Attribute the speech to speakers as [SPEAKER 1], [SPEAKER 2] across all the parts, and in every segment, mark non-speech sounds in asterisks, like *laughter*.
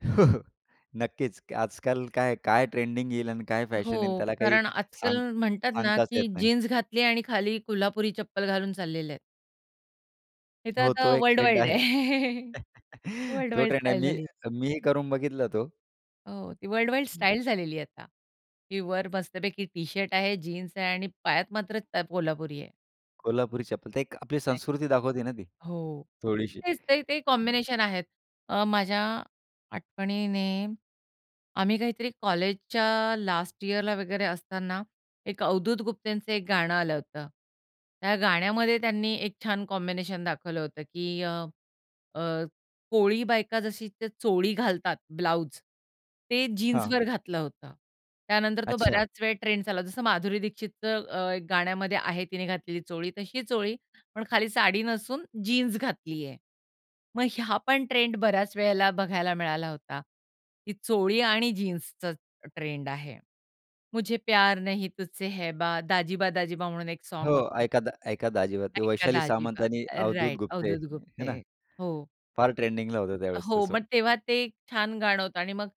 [SPEAKER 1] *chuckles* नक्कीच! आजकाल काय, काय ट्रेंडिंग येईल आणि काय फॅशन येईल,
[SPEAKER 2] हो,
[SPEAKER 1] त्याला काही
[SPEAKER 2] कारण आजकाल
[SPEAKER 1] सांग
[SPEAKER 2] म्हणतात ना,
[SPEAKER 1] सांगताच येत
[SPEAKER 2] की
[SPEAKER 1] नाही.
[SPEAKER 2] जीन्स घातली आणि खाली कोल्हापुरी चप्पल घालून चाललेले आहेत. हे तर
[SPEAKER 1] हो,
[SPEAKER 2] आता
[SPEAKER 1] तो एक
[SPEAKER 2] वर्ल्ड
[SPEAKER 1] ट्रेंड
[SPEAKER 2] वाईड आहे.
[SPEAKER 1] आहे.
[SPEAKER 2] *chuckles*
[SPEAKER 1] *chuckles*
[SPEAKER 2] वर्ल्ड
[SPEAKER 1] तो
[SPEAKER 2] वाईड
[SPEAKER 1] ट्रेंड आहे.
[SPEAKER 2] स्टाईल
[SPEAKER 1] मी
[SPEAKER 2] झाली.
[SPEAKER 1] मी करून बघितला तो.
[SPEAKER 2] हो. ती वर्ल्ड वाईड
[SPEAKER 1] हं.
[SPEAKER 2] स्टाईल झालेली आहे आता. की वर मस्तपैकी टी शर्ट आहे, जीन्स आहे आणि पायात मात्र त कोल्हापुरी आहे.
[SPEAKER 1] कोल्हापुरी चप्पल. ते एक आपली
[SPEAKER 2] एक्झॅक्टली!
[SPEAKER 1] संस्कृती दाखवते ना ती.
[SPEAKER 2] हो.
[SPEAKER 1] थोडीशी.
[SPEAKER 2] तेच ते. ते
[SPEAKER 1] *unintelligible*
[SPEAKER 2] कॉम्बिनेशन आहेत. अ, माझ्या आठवणीने, आम्ही काहीतरी कॉलेजच्या लास्ट ईअरला वगैरे असताना, एक अवधूत गुप्तेंचं एक गाणं आलं होतं. त्या गाण्यामध्ये त्यांनी एक छान कॉम्बिनेशन दाखवलं होतं की अ, अ, कोळी बायका जशी ते चोळी घालतात, ब्लाउज, ते
[SPEAKER 1] हां.
[SPEAKER 2] जीन्सवर घातलं होतं. त्यानंतर तो
[SPEAKER 1] अच्छा.
[SPEAKER 2] बऱ्याच वेळ ट्रेंड्स आला. जसं माधुरी दीक्षितचं अ, एक गाण्यामध्ये आहे तिने घातलेली चोळी, तशी चोळी, पण खाली साडी नसून जीन्स घातली आहे. मग ह्या पण ट्रेंड बऱ्याच वेळेला बघायला मिळाला होता. ही चोळी आणि जीन्सचा ट्रेंड आहे. मुझे प्यार नहीं तुझसे है बा दाजीबा दाजीबा म्हणून एक साँग
[SPEAKER 1] हो.
[SPEAKER 2] होतं.
[SPEAKER 1] ऐका ऐका दाजीबा. ते
[SPEAKER 2] ऐका
[SPEAKER 1] वैशाली सामंत
[SPEAKER 2] दाजीबा.
[SPEAKER 1] आणि
[SPEAKER 2] रा
[SPEAKER 1] अवधूत
[SPEAKER 2] राइट.
[SPEAKER 1] गुप्ते.
[SPEAKER 2] अवधूत
[SPEAKER 1] हे
[SPEAKER 2] गुप्ते.
[SPEAKER 1] ना?
[SPEAKER 2] हो.
[SPEAKER 1] फार ट्रेंडिंगला होतं त्यावेळेस ते
[SPEAKER 2] हो.
[SPEAKER 1] सॉंग.
[SPEAKER 2] मग तेव्हा ते छान गाणं होतं आणि मग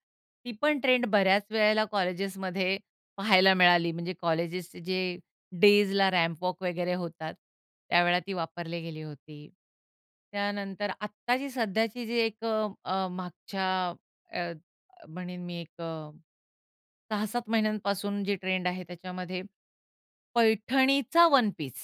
[SPEAKER 2] ती पण ट्रेंड बऱ्याच वेळेला कॉलेजेसमध्ये पाहायला मिळाली. म्हणजे कॉलेजेसचे जे डेजला रॅम्प वॉक वगैरे होतात, त्यावेळेला ती वापरली गेली होती. त्यानंतर आत्ताची सध्याची जी एक अ, अ, मागच्या अ, म्हणेन मी एक अ, 6-7 महिन्यांपासून जे ट्रेंड आहे त्याच्यामध्ये, पैठणीचा वन पीस